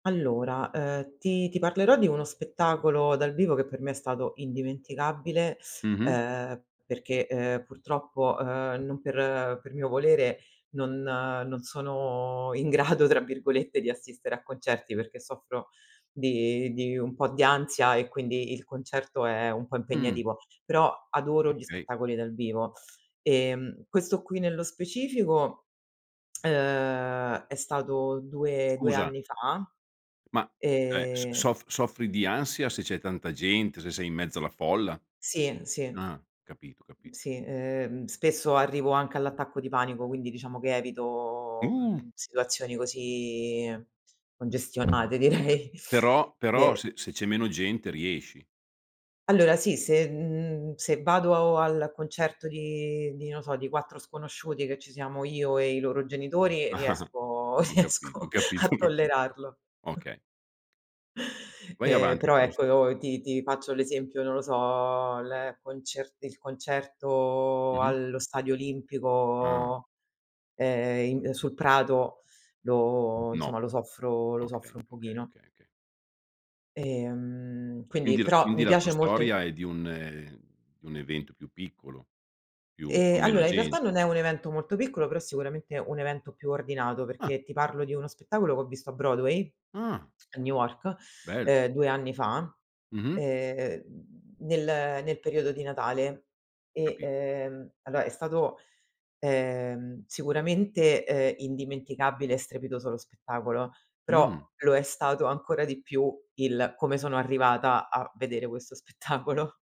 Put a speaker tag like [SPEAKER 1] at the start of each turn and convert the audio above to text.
[SPEAKER 1] Allora, ehm, ti ti parlerò di uno spettacolo dal vivo che per me è stato indimenticabile,
[SPEAKER 2] Mh-mh.
[SPEAKER 1] ehm, perché, ehm, purtroppo, ehm, non per per mio volere, non "non sono in grado" tra virgolette di assistere a concerti perché soffro di di un po' di ansia e quindi il concerto è un po'
[SPEAKER 2] Mh.
[SPEAKER 1] impegnativo. Però adoro gli
[SPEAKER 2] Okay.
[SPEAKER 1] spettacoli dal vivo. Ehm, questo qui nello specifico, ehm, è stato 2- 2
[SPEAKER 2] Scusa
[SPEAKER 1] anni fa.
[SPEAKER 2] ma, cioè, s
[SPEAKER 1] Ehm
[SPEAKER 2] sof soffri di ansia se c'è tanta gente, se sei in mezzo alla folla?
[SPEAKER 1] Sì, sì.
[SPEAKER 2] Ah, capito, capito.
[SPEAKER 1] Sì, ehm, spesso arrivo anche all'attacco di panico, quindi diciamo che evito,
[SPEAKER 2] Uh!
[SPEAKER 1] uhm, situazioni così congestionate
[SPEAKER 2] Uhm,
[SPEAKER 1] direi.
[SPEAKER 2] però però
[SPEAKER 1] E
[SPEAKER 2] se se c'è meno gente riesci?
[SPEAKER 1] Allora sì, se mhmm, se vado al concerto di di non so, di 4 sconosciuti che ci siamo io e i loro genitori riesco
[SPEAKER 2] Ho capito,
[SPEAKER 1] riesco
[SPEAKER 2] capis
[SPEAKER 1] a
[SPEAKER 2] ho capi
[SPEAKER 1] tollerarlo.
[SPEAKER 2] okay. Vai
[SPEAKER 1] Ehm,
[SPEAKER 2] avanti
[SPEAKER 1] però
[SPEAKER 2] con la sto
[SPEAKER 1] ecco, ti ti faccio l'esempio, non lo so, l concer il concerto
[SPEAKER 2] Mh-mh.
[SPEAKER 1] allo stadio
[SPEAKER 2] Ah!
[SPEAKER 1] Olimpico, ehm, in sul prato lo
[SPEAKER 2] No.
[SPEAKER 1] insomma lo soffro lo
[SPEAKER 2] Okay,
[SPEAKER 1] soffro un
[SPEAKER 2] okay,
[SPEAKER 1] pochino.
[SPEAKER 2] okay, okay.
[SPEAKER 1] Ehm, quindi
[SPEAKER 2] Quindi l
[SPEAKER 1] però
[SPEAKER 2] quindi
[SPEAKER 1] mi
[SPEAKER 2] la tua
[SPEAKER 1] piace molt
[SPEAKER 2] storia è di un ehm, di un evento più piccolo, più
[SPEAKER 1] Ehm,
[SPEAKER 2] con meno
[SPEAKER 1] allora in realtà
[SPEAKER 2] gente.
[SPEAKER 1] non è un evento molto piccolo, però sicuramente un evento più ordinato,
[SPEAKER 2] Ah.
[SPEAKER 1] perché ti parlo di uno spettacolo che ho visto a Broadway,
[SPEAKER 2] Ah.
[SPEAKER 1] a New York,
[SPEAKER 2] Bell
[SPEAKER 1] ehm, 2 anni fa,
[SPEAKER 2] Mh-mh.
[SPEAKER 1] ehm, nel nel periodo di Natale. E,
[SPEAKER 2] Capi.
[SPEAKER 1] ehm, allora è stato, ehm, sicuramente, ehm, indimenticabile e strepitoso lo spettacolo, però
[SPEAKER 2] Mh.
[SPEAKER 1] lo è stato ancora di più il come sono arrivata a vedere questo spettacolo.